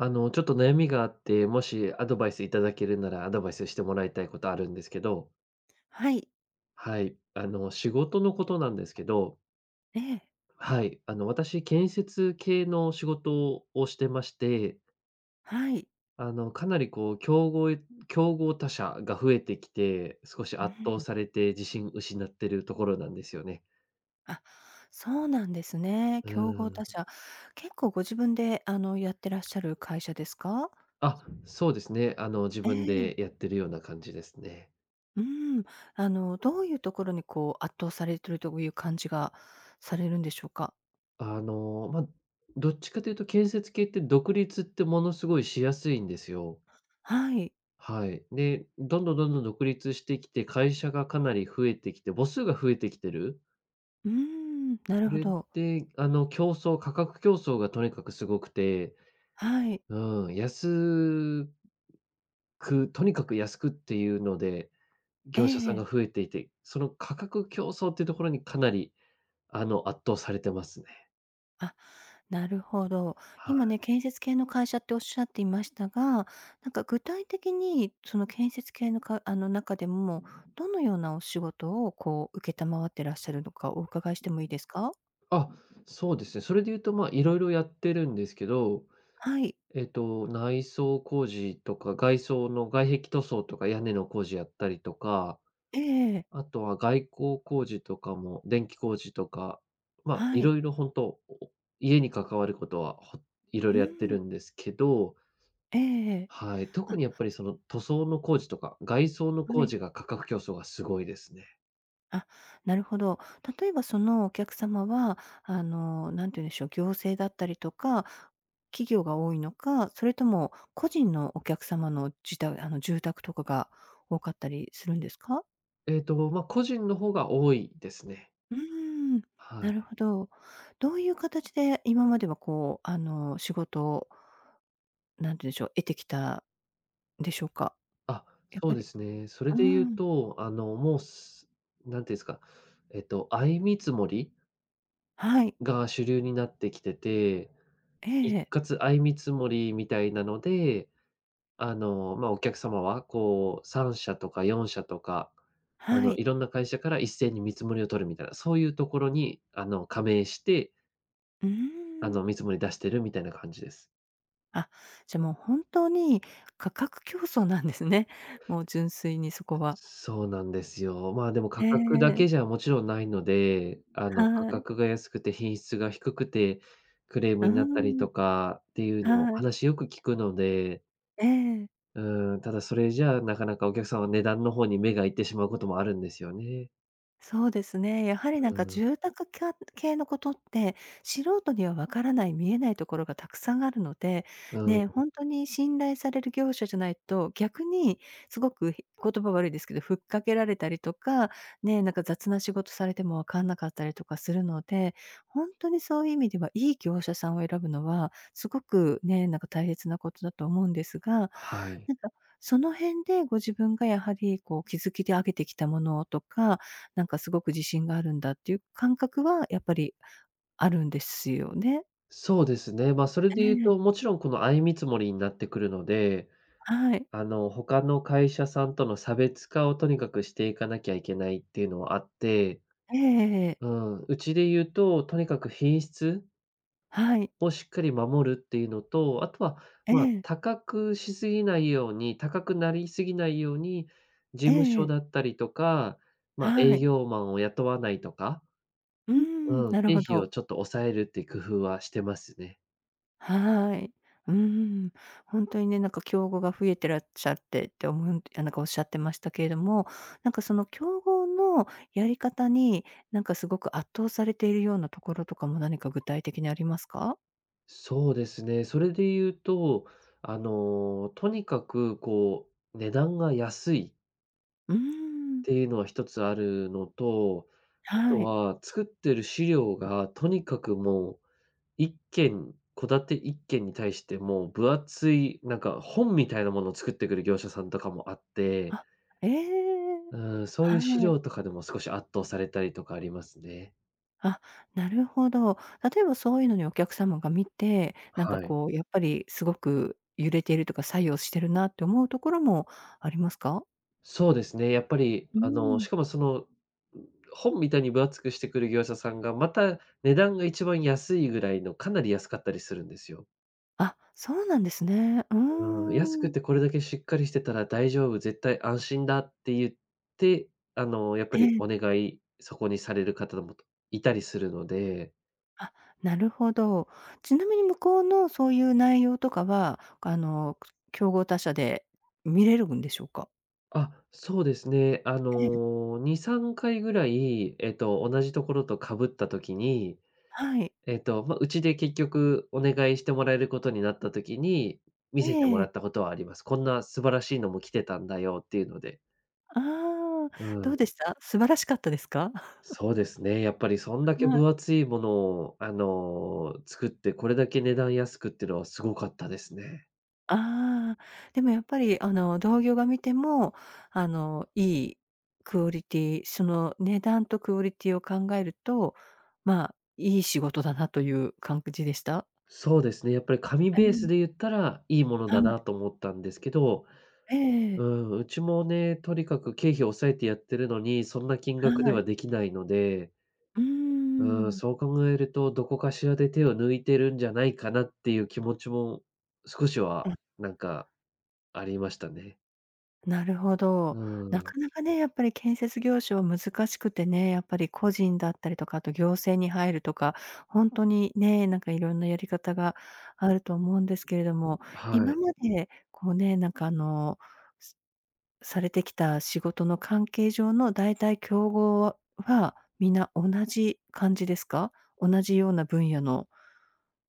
あの、ちょっと悩みがあって、もしアドバイスいただけるなら、アドバイスしてもらいたいことあるんですけど。はい。はい、あの、仕事のことなんですけど。ええ。はい、あの、私建設系の仕事をしてまして。はい。あの、かなり、こう、きょうごいん、競合他社が増えてきて、少しうー圧倒ん。されて自信失ってるところなんですよね。あ、そうなんですね。う競合ー他ん。社。結構ご自分で、あの、やってらっしゃる会社ですか？あ、そうですね。あの、自え分え。でやってるような感じですね。うーん。あの、どういうところに、こう、圧倒されてるという感じがされるんでしょうか？あの、ま、どっちかていうと建設系って独立ってものすごいしやすいんですよ。はい。はい、で、どんどんどんどん独立してきて、会社がかなり増えてきて、母数が増えてきてる。うーん。なそるほれど。で、あの、競争価格競争がとにかくすごくて、はい。うーん、やすく、とにかく安くっていうので、ええ業者えさんえ。が増えていて、その価格競争っていうところにかなり、あの、圧倒されてますね。あ、なるほど。は今ね、い。建設系の会社っておっしゃっていましたが、なんか、具体的に、その建設系のかあの、中でも、どのようなお仕事を、こう、承ってらっしゃるのか、お伺いしてもいいですか？あ、そうですね、それで言うと、まあ、いろいろやってるんですけど。はい。えっと、内装工事とか、外装の外壁塗装とか、屋根の工事やったりとか、ええええ。あとは外構工事とかも電気工事とか、まあ、はいい。ろいろ本当、家に関わることは、ほいろいうーろやってん。るんですけど。ええええ。はい、あ。特にやっぱり、その塗装の工事とか、外装のは工い。事が価格競争がすごいですね。あ、なるほど。例えばそのお客様は、あの、何て言うんでしょう、行政だったりとか、企業が多いのか、それとも個人のお客様のじたあの、住宅とかが多かったりするんですか？ええと、まま、個人の方が多いですね。うーん、はなるい。ほど。どうゆう形で今までは、こう、あの、仕事を、何て言うんでしょう、得てきたでしょうか？あ、やっそうぱでりすね。それうーで言うん。と、あの、もうすなんていうんすか？えっと、相見積もりはい。が主流になってきてて、え一え。括相見積もりみたいなので、あの、まあ、お客様はこう3社とか4社とか、あはの、い。いろんな会社から一斉に見積もりを取るみたいな、そういうところにあの、加盟してうーあん。の、見積もり出してるみたいな感じです。あ、じゃ、もうほんとに価格競争なんですね、もう純粋にそこは。そうなんですよ。まあ、でも価へ格だけえ。じゃもちろんないので、あの、価はい。格が安くて品質が低くて、クレームうーになったりん。とかっていうのはい。話よく聞くのでええ。うーん、ただそれじゃ、なかなかお客さんは値段の方に目がいってしまうこともあるんですよね。そうですね。やはりなんうーかん。住宅きゃ系の事って、素人には分からない、見えない所がたくさんあるので、うん、ん。ね、ほんとに信頼される業者じゃないと、逆にすごくひ言葉悪いですけど、吹っかけられたりとか、ね、なんか雑な仕事されても分かんなかったりとかするので、ほんとにそういう意味では良い業者さんを選ぶのは、すごくね、なんか大切な事だと思うんですが、はい。なんか、その辺でご自分がやはりこう築きて上げてきたものとか、なんか凄く自信があるんだっていう感覚はやっぱりあるんですよね？そうですね、ま、それでえ言うええ。と、もちろんこの相見積もりになってくるので、はい。あの、他の会社さんとの差別化をとにかく、していかなきゃいけないっていうのはあって。ええ、えええ。うん、うちで言うと、とにかく品質はい。をしっかり守るっていうのと、あとはえまあえ。高くしすぎないように、高くなりすぎないように、事え務所え。だったりとか、まあは営い。業マンを雇わないとか。うーん、うん、なる経ほ費をど。ちょっと抑えるっていう工夫はしてますね。はい。うーん。ほんとにね、なんか競合が増えてらっしゃってって思うんてなんか仰ってましたけれども、なんかその競合のやり方に、なんか凄く圧倒されているような所とかも何か具体的にありますか？そうですね、それで言うと、あの、とにかくこう値段が安いうーっん。ていうのは1つあるのと、あとはい。は作ってる資料がとにかくもう、1軒、戸建て1軒に対してもう、分厚いなんか本みたいなものを作ってくる業者さんとかもあってあ、ええ、うーん、そういう資はい。料とかでも少し圧倒されたりとかありますね。あ、なるほど。例えばそうゆうのにお客様が見て、なんかはい。こうやっぱり凄く揺れてるとか、作用してるなって思う所もありますか？そうですね。やっぱりうーあの、しん。かもその、本みたいに分厚くしてくる業者さんが、また値段が一番安いぐらいの、かなり安かったりするんですよ。あ、そうなんですね。うーうーん、安ん、うくん。てこれだけしっかりしてたら大丈夫、絶対安心だって言って、あの、やっぱえりえ。お願いそこにされる方だもといたりするので。あ、なるほど。ちなみに向こうのそういう内容とかは、か、あの、くそ競合他社で見れるんでしょうか？あ、そうですね、あええ。の、2、3回ぐらい、えっと、同じところとかぶった時に、はい。えっと、ま、うちで結局お願いしてもらえることになった時に、見せてもえらえ。ったことはあります。「こんな素晴らしいのも来てたんだよ」っていうので。ああ、うどうん。でした？素晴らしかったですか？そうですね、やっぱりそんだけはい。分厚いものを、あの、作って、これだけ値段安くってのはすごかったですね。ああ、でもやっぱりあの、同業が見ても、あの、良いクオリティその値段とクオリティを考えると、まあ、良い仕事だなという感じでした？そうですね、やっぱり紙あ、うベースん。で言ったらいいものはだい。なと思ったんですけど、えうえ。ん、うちもね、とにかく経費を抑えてやってるのに、そんな金は額でい。はできないので。うーうーん、ん。そう考えると、どこかしらで手を抜いてるんじゃないかなっていう気持ちも少しうはん。なんかありましたね。なるほうど。ーなん。かなかね、やっぱり建設業種は難しくてね、やっぱり個人だったりとか、あと行政に入るとか、ほんとにね、なんか色んなやり方があると思うんですけれども、は今い。までこうね、なんか、あの、すされてきた仕事の関係上の大体競合は、皆同じ感じですか？同じような分野の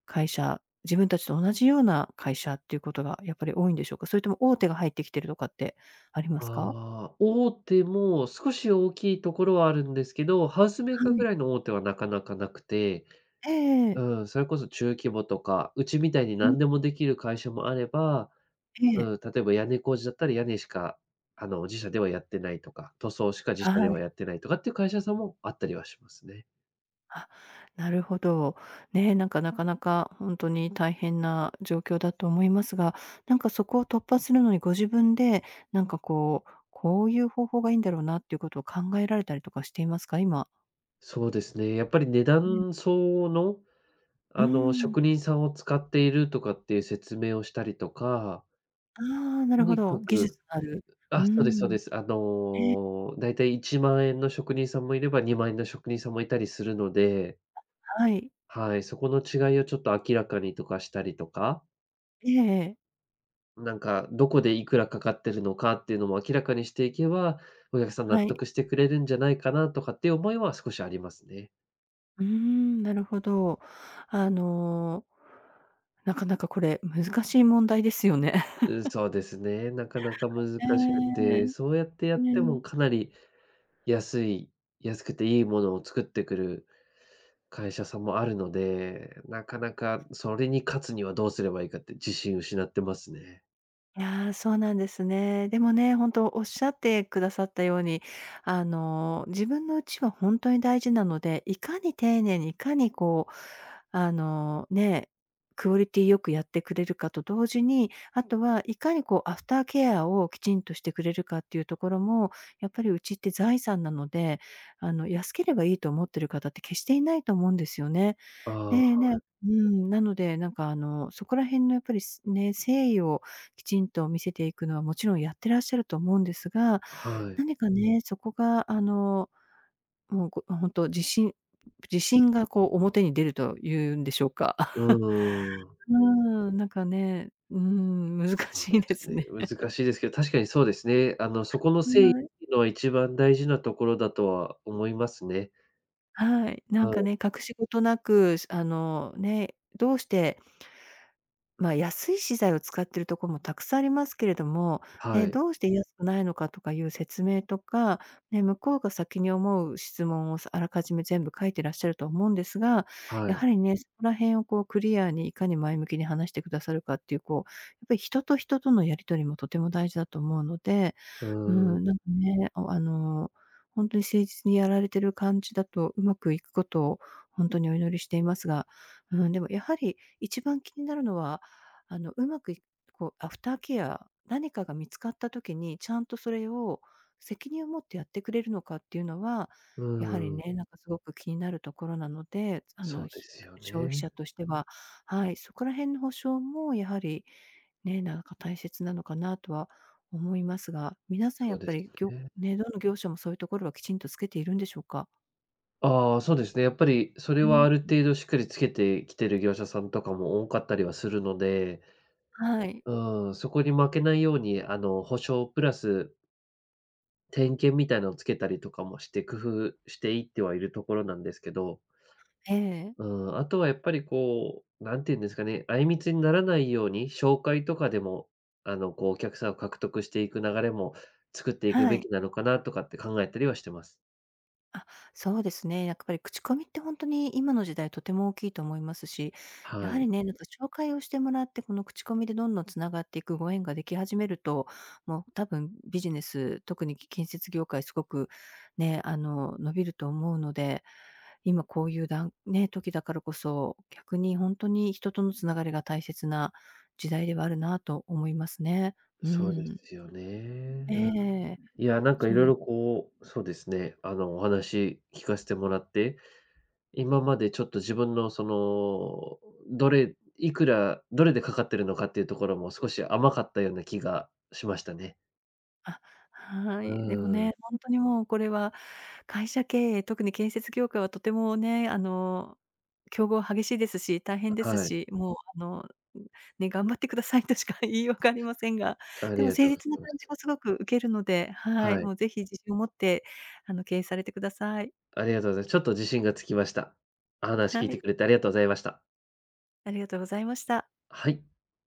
会社、自分達と同じような会社っていうことがやっぱり多いんでしょうか、それとも、大手が入ってきてるとかってありますか？ああ、大手も少し大きいところはあるんですけど、ハウスメーはカーぐい。らいの大手はなかなかなくて。ええええ。うん、それこそ中規模とか、うちみたいにうん。何でもできる会社もあれば、ええ。うん、例えば屋根工事だったり、屋根しか、あの、自社ではやってないとか、塗装しか自は社でい。はやってないとかっていう会社さんもあったりはしますね。あ、なるほど。ね、なんか、なかなかほんとに大変な状況だと思いますが、なんか、そこを突破するのにご自分で、なんか、こう、こういう方法がいいんだろうなっていうことを考えられたりとかしていますか？今。そうですね、やっぱり値うん。段相応の、うーあの、ん。職人さんを使っているとかっていう説明をしたりとかああ、なとるほにかど。技く、う、術がある。うーあ、そうですそうん。です。あええ。の、大体1万円の職人さんもいれば、2万円の職人さんもいたりするのであ、はい。はい、そこの違いをちょっと明らかにとかしたりとか。ええええ。なんか、どこでいくらかかってるのかっていうのも明らかにしていけば、お客さん納はい。得してくれるんじゃないかなとかっていう思いは少しありますね。うーん。なるほど。あの、なかなかこれ難しい問題ですよね。うん、そうですね、なかなか難えしくえ。て。そうやってやってねえ。もかなり安い安くていいものを作ってくる会社さんもあるので、なかなかそれに勝つにはどうすればいいかって自信を失ってますね。いや、そうなんですね。でもね、本当おっしゃってくださったように、あの、自分の家は本当に大事なので、いかに丁寧にいかにこう、あの、ね、クオリティ良くやってくれるかと同時に、あとはいかにこうアフターケアをきちんとしてくれるかっていうところも、やっぱり家って財産なので、あの、安ければいいと思ってる方って決していないと思うんですよね。ああ、はでねい。うーん、なので、なんか、あの、そこら辺のやっぱりすね、誠意をきちんと見せていくのはもちろんやってらっしゃると思うんですが、うはい。何かね、そこが、あの、もう、こ、あ、本当自信うん。自信がこう表に出ると言うんでしょうか。うう ーん。ふん、なんかね、うーん、難そうでしいですすね、ね。難しいですけど、確かにそうですね。あの、そ この [unintelligible] う誠意なえの一番大事なところだとは思いますね。はい。なんうかん。ね、隠し事なく、すあの、ね、どうしてまあ、安い資材を使ってるところもたくさんありますけれども、うはえ、い。どうして安くないのかとかいう説明とか、ね、向こうが先に思う質問をさあらかじめ全部書いてらっしゃると思うんですが、はやはい。りね、そこら辺をこうクリアにいかに前向きに話してくださるかっていう、こう、やっぱり人と人とのやり取りもとても大事だと思うので、ううーん。ん、なんかね、お、あのほんとに誠実にやられてる感じだとうまくいくことをほんとにお祈りしていますが、うん、でもやはり一番気になるのは、あのうまくひと、こうアフターケア、何かが見つかった時にちゃんとそれを責任を持ってやってくれるのかっていうのは、うやはりーん。ね、なんかすごく気になるところなので、つあその、うでひすよ [unintelligible] 消費ね。者としてははい、そこら辺の保証もやはり、ね、なんか大切なのかなとは思いますが、皆さんそやうっでぱすりぎょよね。ね、どの業者もそういうところはきちんとつけているんでしょうか？ああ、そうですね。やっぱり、それうはーあるん。程度しっかりつけてきてる業者さんとかも多かったりはするので、はい。うーん、そこに負けないように、あの、保証プラス点検みたいなのをつけたりとかもして工夫していってはいるところなんですけど。ええ。うーん、あとはやっぱり、こう、なんて言うんですかね、相みつにならないように、紹介とかでも、あの、こう、お客さんを獲得していく流れも作っていくはべい。きなのかなとかって考えたりはしてます。あ、そうですね、やっぱり口コミってほんとに今の時代とても大きいと思いますし、やははりい。ね、なんか、紹介をしてもらって、この口コミでどんどん繋がっていくご縁ができ始めると、もう多分ビジネス、特にき建設業界凄くね、あの、伸びると思うので、今こういうだんね、時だからこそ、逆にほんとに人との繋がりが大切な時代ではあるなと思いますね。うーそうでん。すよね、ええうん。ええ、いや、なんか、いそうろいでろ、こう、そうですね、あの、お話聞かしてもらって、今までちょっと自分の、その、どれいくらどれでかかってるのかっていうところも少し甘かったような気がしましたね。あ、はうい。でもーん。ね、ほんとにもうこれは会社経営、特に建設業界はとてもね、あの、競合激しいですし、大変であ、すはい。し、もう、あの、ん、ね、頑張ってくださいとしか言いようがありませんが、あでりもが誠とうござ実ないま感じす。もすごく受けるので、はい。はい。もう是非自信を持って、あの、経営されてください。ありがとうございます。ちょっと自信がつきました。お話聞いはてい。くれて、ありがとうございました。ありがとうございました。はい。